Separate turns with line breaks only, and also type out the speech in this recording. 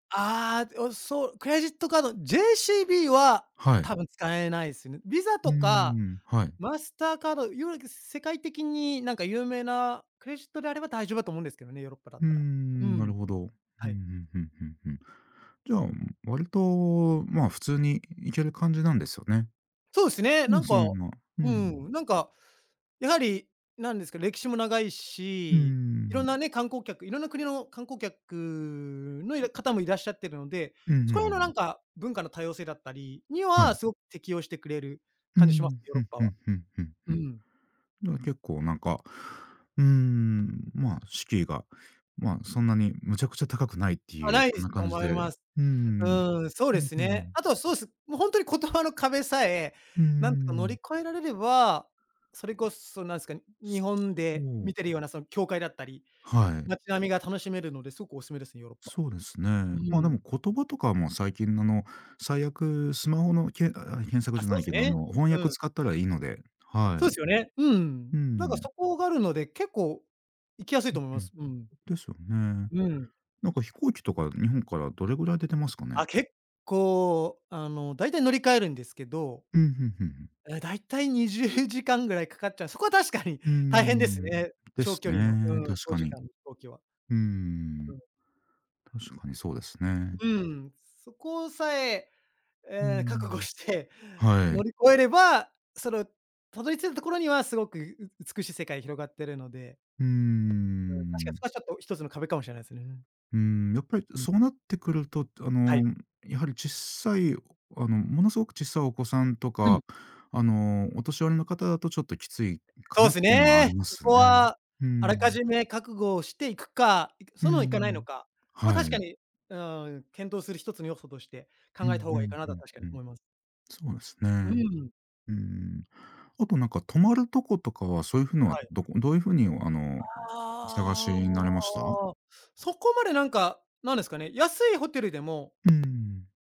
ああ、おそう、クレジットカード、JCB は
はい。
多分使えないすね。VISA
うー
とか、
ん、はい。
マスターカード、いわゆる世界的になんか有名なクレジットであれば大丈夫だと思うんですけどね、ヨーロッパだ
う
っ
ー
たら。う
ん、な
ん。
るほど。ふん
はい。
ふんふんふんふん。じゃあ、割とまあ普通に行ける感じなんですよね。
そうっすね。
う
な
ん、
ん
そ
か、
のまま、う
う
ん。
ん、なんかやはりなんですか、歴史も長い
うんうん
し、い
う
ろん
ん。
なね、観光客、いろんな国の観光客の方もいらっしゃってるので、
うんうんう
そこらへんの
ん
な
うん。
んか文化の多様性だったりに
はい。
は、すごく適応してくれる
う
感じします、
ん、
ヨー
ふ
ロッ
ん
パ
ふ
は。
んふんふんふ
う
ん。
ん。
だから結構なんか、うーん、まあ敷居が、まあ、そんなにむちゃくちゃ高くないって
あ、
いう、
ないで
そん
す
な
と
感じ
思い
で。う
ます。
ー
う
ん。
ーん、そう
う
で
ん
す
う
ね。
ん。
あとはそうです、もうほんとに言葉の壁さえ
うー
なんとか乗り
ん。
越えられれば、それこそなんすか、日
そ
本
そ
で
う。
見てるようなその教会だったり、
はい。
街並みが楽しめるのですごくおすすめですね、ヨーロッパ。
そうです
う
ね。ま、で
ーん。
も、言葉とかも最近のあの、最悪、スマホのけあ、検索
あ、
じゃ
そ
な
う
い
す
けど、あ
ね。
の、翻
う
訳
ん。
使ったらいいので、は
そう
い。
ですよね。う
う
ん、なんか
ん。
そこがあるので、結構行きやすい
うん
と思いま
うん。
す。うん。
ですよね。
うん。
なんか飛行機とか日本からどれぐらい出てますかね？
あ、結構、あの、だいたい乗り換えるんですけど
うん、ふんふんふん。
え、だいたい20時間ぐらいかかっちゃう。そこは確かに
うー
大変です
ん、
ね。
で
長
す
距離の、
ね、
うーん、
確
長
か
時
に。
間の飛行機は。
うー
う
ん。
ん。
確かにそうですね。
うん、そこさえ、
うー
ええ、覚悟
ん。
して
は
乗
い。
り越えれば、そのたどり着いたところにはすごく美しい世界広がってるので
うー
うん、確かに
ん。
それはちょっと1つの壁かもしれないですね。
うーん、やっぱり
うん。
そうなってくると、あ
は
の、
い。
やはりちっさい、あの、ものすごくちっさいお子さんと
う
か、
ん。
あの、お年寄りの方だとちょっときついか
そ
な
う
っ
す
ていうのはあ
ね。
りま
そ
すね。
こは
うー
あらか
ん。
じめ覚悟をしていくか、
うー
そのいかないの
ん。
か。まあ
は
確か
い。
に、うーん、検討する1つの要素として
うんう
考えた方がいい
ん、
かな
ふ
とは、
ん
確か
ふ
に
ん。
思います。
そうです
う
ね。
ん。
うーん。あとなんか、泊まる所とかは、そういうふうのは、
はい。
どこどういうふうに、あの、お探し
あ
になれました？
あ。そこまでなんか、なんですかね、安いホテルでも
うーん。